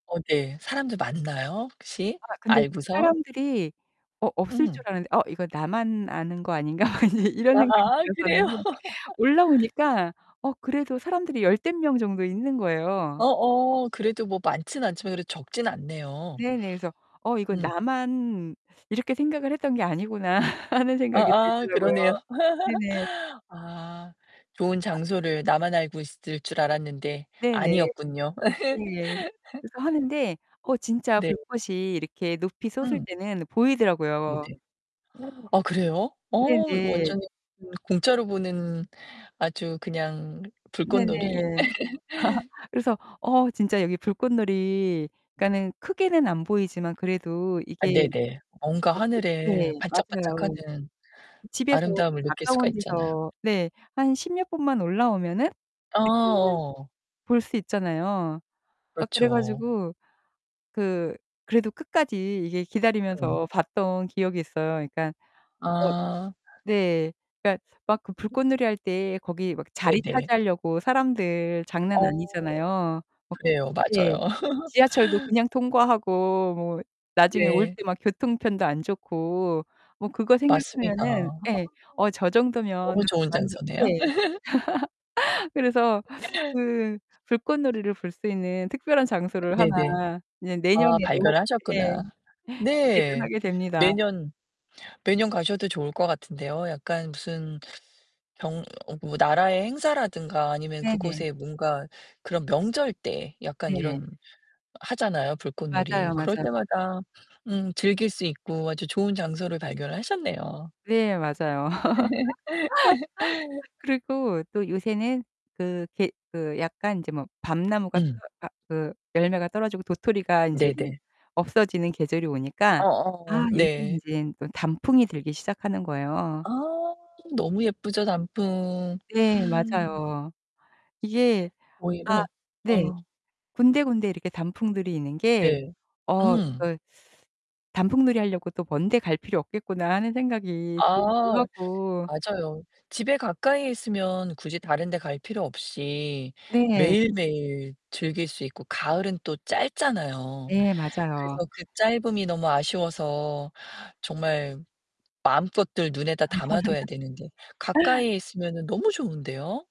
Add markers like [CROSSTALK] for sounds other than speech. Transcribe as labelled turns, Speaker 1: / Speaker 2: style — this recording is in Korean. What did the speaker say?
Speaker 1: 어 네. 사람들 많나요, 혹시?
Speaker 2: 아. 근데 진짜
Speaker 1: 알고서?
Speaker 2: 사람들이 어 없을
Speaker 1: 음.
Speaker 2: 줄 알았는데 '어, 이거 나만 아는 거 아닌가?' [LAUGHS] 막 이 이런 생각이
Speaker 1: 아아, 그래요?
Speaker 2: 들었었는데
Speaker 1: [LAUGHS]
Speaker 2: 올라오니까 어 그래도 사람들이 열댓 명 정도 있는 거예요.
Speaker 1: 어어, 그래도 뭐 많진 않지만 그래도 적진 않네요.
Speaker 2: 네네. 그래서 '어, 이거
Speaker 1: 음.
Speaker 2: 나만 이렇게 생각을 했던 게 아니구나.' [LAUGHS] 하는 생각이
Speaker 1: 아아, 그러네요.
Speaker 2: 들더라고요. 네네.
Speaker 1: [LAUGHS] 아. 좋은
Speaker 2: 아
Speaker 1: 장소를 나만 알고 있을 줄 알았는데
Speaker 2: 네네.
Speaker 1: 아니었군요.
Speaker 2: 예.
Speaker 1: [LAUGHS]
Speaker 2: 그래서 하는데 어 진짜
Speaker 1: 네.
Speaker 2: 불꽃이 이렇게 높이 솟을
Speaker 1: 음.
Speaker 2: 때는
Speaker 1: 네네.
Speaker 2: 보이더라고요.
Speaker 1: [GASPS] 아 그래요? 어 이거
Speaker 2: 네네.
Speaker 1: 완전히 그 공짜로 보는 아주 그냥 불꽃놀이.
Speaker 2: 네네.
Speaker 1: [LAUGHS]
Speaker 2: [LAUGHS] 그래서 어 진짜 여기 불꽃놀이 그러니까는 크게는 안 보이지만 그래도
Speaker 1: 아,
Speaker 2: 이게
Speaker 1: 네네. 뭔가
Speaker 2: 거기
Speaker 1: 하늘에
Speaker 2: 네, 맞아요.
Speaker 1: 반짝반짝하는
Speaker 2: 집에서 [UNINTELLIGIBLE]
Speaker 1: 아름다움을 느낄 수가
Speaker 2: 가까운
Speaker 1: 있잖아요.
Speaker 2: 데서 네. 한 10 몇 분만 올라오면은
Speaker 1: 아
Speaker 2: [UNINTELLIGIBLE]
Speaker 1: 어.
Speaker 2: 볼 수 있잖아요. 아 그래
Speaker 1: 그렇죠.
Speaker 2: 가지고 그 그래도 끝까지 이게
Speaker 1: 음.
Speaker 2: 기다리면서 봤던 기억이 있어요. 그러니까 어
Speaker 1: 아.
Speaker 2: 네. 그니까 막 그 불꽃놀이 할 때 거기 막 자리
Speaker 1: 네네.
Speaker 2: 차지하려고 사람들 장난
Speaker 1: 어.
Speaker 2: 아니잖아요. 막
Speaker 1: 그래요.
Speaker 2: 예.
Speaker 1: 맞아요. [LAUGHS]
Speaker 2: 지하철도 그냥 통과하고 뭐 나중에 올
Speaker 1: 네.
Speaker 2: 때 막 교통편도 안 좋고 뭐 그거
Speaker 1: 맞습니다.
Speaker 2: 생각하면은
Speaker 1: 아
Speaker 2: 예. 어, 저 정도면
Speaker 1: 너무 좋은
Speaker 2: 완전
Speaker 1: 장소네요.
Speaker 2: 네.
Speaker 1: [LAUGHS]
Speaker 2: [LAUGHS] 그래서 그
Speaker 1: [LAUGHS]
Speaker 2: 불꽃놀이를 볼 수 있는 특별한 장소를
Speaker 1: 네네.
Speaker 2: 하나 이제
Speaker 1: 아
Speaker 2: 내년에도
Speaker 1: 발견을
Speaker 2: 예.
Speaker 1: 하셨구나.
Speaker 2: 기대를
Speaker 1: 네.
Speaker 2: 하게 됩니다.
Speaker 1: 매년 매년 가셔도 좋을 것 같은데요. 약간 무슨 병 어, 뭐 나라의 행사라든가 아니면
Speaker 2: 네네.
Speaker 1: 그곳에 뭔가 그런 명절 때 약간
Speaker 2: 네.
Speaker 1: 이런 하잖아요, 불꽃놀이.
Speaker 2: 맞아요,
Speaker 1: 그럴
Speaker 2: 맞아요.
Speaker 1: 때마다 음, 즐길 수 있고 아주 좋은 장소를 발견을 하셨네요.
Speaker 2: 네, 맞아요. [LAUGHS]
Speaker 1: [LAUGHS]
Speaker 2: 그리고 또 요새는 그 게 그 약간 이제 뭐 밤나무가 떠
Speaker 1: 음.
Speaker 2: 아, 그 열매가 떨어지고 도토리가 인제는
Speaker 1: 네네.
Speaker 2: 없어지는 계절이 오니까
Speaker 1: 어어.
Speaker 2: 아 요새는
Speaker 1: 네.
Speaker 2: 인제 또 단풍이 들기 시작하는 거예요.
Speaker 1: 아, 너무 예쁘죠 단풍.
Speaker 2: 네.
Speaker 1: 음.
Speaker 2: 맞아요. 이게 아,
Speaker 1: 오히려.
Speaker 2: 네.
Speaker 1: 어.
Speaker 2: 군데군데 이렇게 단풍들이 있는 게
Speaker 1: 네.
Speaker 2: '어,
Speaker 1: 음.
Speaker 2: 이거 단풍놀이 하려고 또 먼 데 갈 필요 없겠구나.' 하는 생각이 들기도
Speaker 1: 아.
Speaker 2: 하고.
Speaker 1: 맞아요. 집에 가까이에 있으면 굳이 다른 데 갈 필요 없이
Speaker 2: 네.
Speaker 1: 매일매일 즐길 수 있고 가을은 또 짧잖아요.
Speaker 2: 예, 맞아요.
Speaker 1: 그래서 그 짧음이 너무 아쉬워서 정말 마음껏들 눈에다 담아둬야 되는데
Speaker 2: [LAUGHS]
Speaker 1: 가까이에 있으면은 너무 좋은데요.